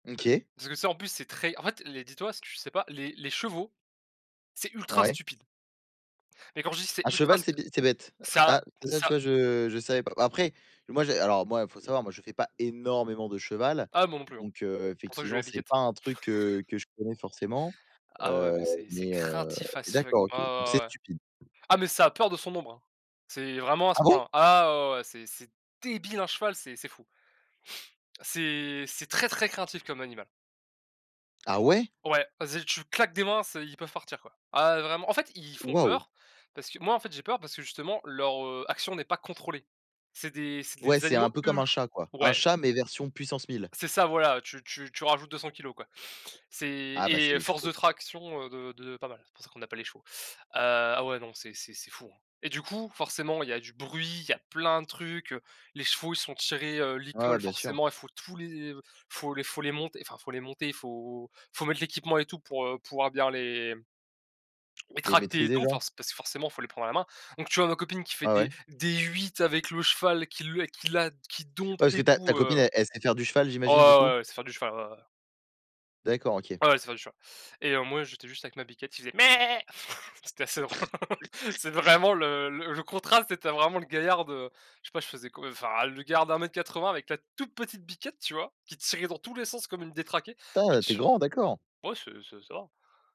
OK. Parce que tu sais en plus c'est très en fait les dis-toi, si tu le sais pas, les les chevaux, c'est ultra Ouais. stupide mais quand je dis c'est Un ultra cheval c'est stu bé c'est bête. ça, Ah ça tu ça vois? Je je savais pas. Après, moi j'ai alors moi il faut savoir, moi je fais pas énormément de cheval, Ah moi non plus hein, donc c'est heu, pour ça que j'ai effectivement, la c'est biquette. pas un truc, heu, que je connais forcément, Ah ouais heu, mais c'est c'est mais heu, craintif mais as fuck. d'accord, OK, donc Ah ouais, c'est ouais, ouais. stupide. Ah mais ça a peur de son ombre hein. C'est vraiment à ce Ah point bon? là. Ah ouais, ouais, ouais. C'est c'est débile un cheval c'est c'est fou. c'est c'est très, très craintif comme animal. Ah ouais? Ouais, vas-y tu claques des mains, c'est ils peuvent partir quoi. Ah ouais vraiment en fait, i ils font Waouh! peur parce que moi en fait j'ai peur parce que justement leur, heu, action n'est pas contrôlée. C'est des c'est Ouais des c'est animaux un peu comme ul un chat quoi. Un ouais. chat mais version puissance 1 000. C'est ça voilà, tu tu tu rajoutes 200 kilos quoi. C'est Ah, bah, c'est et les force chevaux. de traction, heu, de de pas mal, c'est pour ça qu'on appelle les chevaux. Heu, ah ouais non, c'est c'est c'est fou hein, et du coup, forcément il y a du bruit, il y a plein de trucs, heu, les chevaux ils sont tirés, heu, licols Ouais, bien sûr. forcément il faut tous les il faut les faut les monter, enfin faut les monter, il faut il faut mettre l'équipement et tout pour, heu, pouvoir bien les les Les tracter et maîtriser tout, genre? force parce que forcément il faut les prendre à la main, donc tu vois? Ma copine qui fait Ouais, des ouais. des 8 avec le cheval qui lui qui la qui dompte Ouais, parce que et ta ta tout, copine, heu, elle elle sait faire du cheval oh ouais j'imagine, du coup? ouais ouais elle sait faire du cheval ouais ouais. D'accord, OK. Ouais elle sait faire du cheval, et heu, moi j'étais juste avec ma biquette, qui faisait méhé, c'était assez drôle. C'est vraiment le le le contraste, tu sais, tu as vraiment le gaillard de, heu, je sais pas, je faisais quoi enfin le gaillard d'1 m 80 avec la toute petite biquette tu vois? Qui tirait dans tous les sens comme une détraquée et Tin, tu es tu grand, d'accord! ouais c'est c'est ça.